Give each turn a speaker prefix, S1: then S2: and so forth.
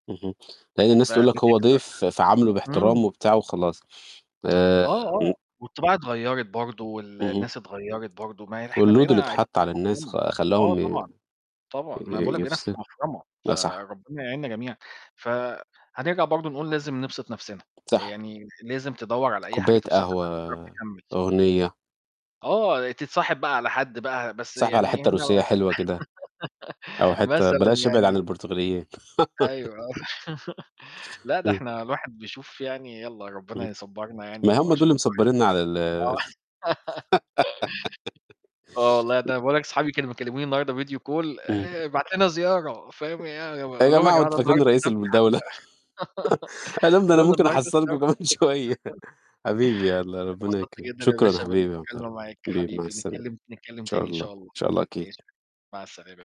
S1: اهم، لأن الناس تقول لك هو
S2: فبتكسر،
S1: ضيف فعامله
S2: [unintelligible] امم.
S1: باحترام وبتاع وخلاص. آآ
S2: آه،
S1: امم.
S2: آه والطباع اتغيرت برضو،
S1: اهم.
S2: والناس اتغيرت برضو. ما إحنا
S1: والload اللي
S2: بقينا عايشين
S1: اتحط على
S2: في
S1: الناس
S2: مفرمة
S1: خ
S2: آه
S1: خلاهم ي
S2: طبعًا، طبعًا. ما أنا باقول
S1: ي
S2: لك بقينا في
S1: يفس
S2: مفرمة،
S1: لا صح.
S2: فربنا يعيننا جميعًا. ف هنرجع برضو نقول لازم نبسط نفسنا،
S1: صح.
S2: يعني لازم تدوّر على أي حاجة
S1: كوباية
S2: تبسطك عشان تعرف
S1: قهوة،
S2: تكمل.
S1: أغنية.
S2: آه، تتصاحب بقى على حد بقى، بس
S1: تتصاحب على
S2: يعني هنا
S1: حتة روسية
S2: لا
S1: حلوة كده. أو حتة
S2: مثلًا
S1: بلاش ابعد عن
S2: يعني.
S1: البرتغاليين
S2: أيوه، آه لأ، ده
S1: امم.
S2: إحنا الواحد بيشوف يعني، يلّا ربنا
S1: اهم،
S2: يصبرنا
S1: ما
S2: يعني
S1: هم دول
S2: وعشان
S1: اللي
S2: الواحد
S1: مصبرينّا على ال
S2: آه. آه والله
S1: [unintelligible]
S2: ده أنا باقول لك اصحابي كانوا بيكلموني النهاردة video call،
S1: امم.
S2: آآ، ابعت لنا زيارة، فاهم ي
S1: يا
S2: أقول لهم: "يا
S1: جماعة هو
S2: جماعة
S1: أنتم
S2: ده
S1: فاكرينّي
S2: النهاردة
S1: رئيس
S2: السبت حتى."
S1: الدولة. أقول لهم ده
S2: أقول
S1: أنا
S2: لهم:
S1: ممكن
S2: "النهاردة
S1: أحصلكم
S2: السبت."
S1: كمان شوية. حبيبي يلّا ربنا
S2: اتبسطت
S1: يكرمك.
S2: جدًا يا
S1: شكرًا
S2: باشا
S1: حبيبي
S2: بالمكالمة معاك،
S1: [unintelligible] حبيبي مع
S2: حبيبي.
S1: السلامة.
S2: نتكلم
S1: إن
S2: ت نتكلم
S1: شاء
S2: تاني إن
S1: الله، إن
S2: شاء الله.
S1: شاء الله أكيد.
S2: ماشي. مع السلامة.